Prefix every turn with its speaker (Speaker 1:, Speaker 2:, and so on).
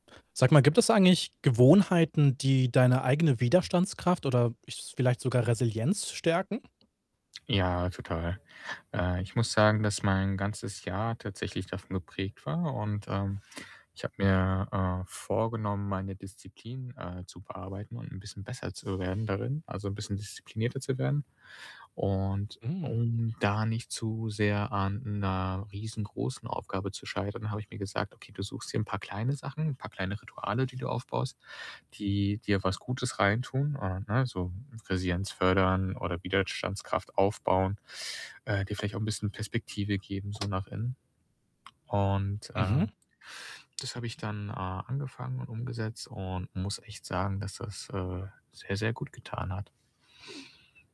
Speaker 1: Sag mal, gibt es eigentlich Gewohnheiten, die deine eigene Widerstandskraft oder ich s vielleicht sogar Resilienz stärken?
Speaker 2: Ja, total. Äh, ich muss sagen, dass mein ganzes Jahr tatsächlich davon geprägt war und, ähm, ich habe mir, äh, vorgenommen, meine Disziplin, äh, zu bearbeiten und 'n bisschen besser zu werden darin, also, 'n bisschen disziplinierter zu werden und
Speaker 1: Mhm.
Speaker 2: um da nicht zu sehr an 'ner riesengroßen Aufgabe zu scheitern, habe ich mir gesagt: „Okay, du suchst dir paar kleine Sachen, paar kleine Rituale, die du aufbaust, die dir was Gutes reintun, äh, ne, so Resilienz fördern oder Widerstandskraft aufbauen, äh, dir vielleicht auch 'n bisschen Perspektive geben so nach innen.“ Und, äh,
Speaker 1: Mhm.
Speaker 2: das habe ich dann, äh, angefangen und umgesetzt und muss echt sagen, dass das, äh, sehr, sehr gut getan hat.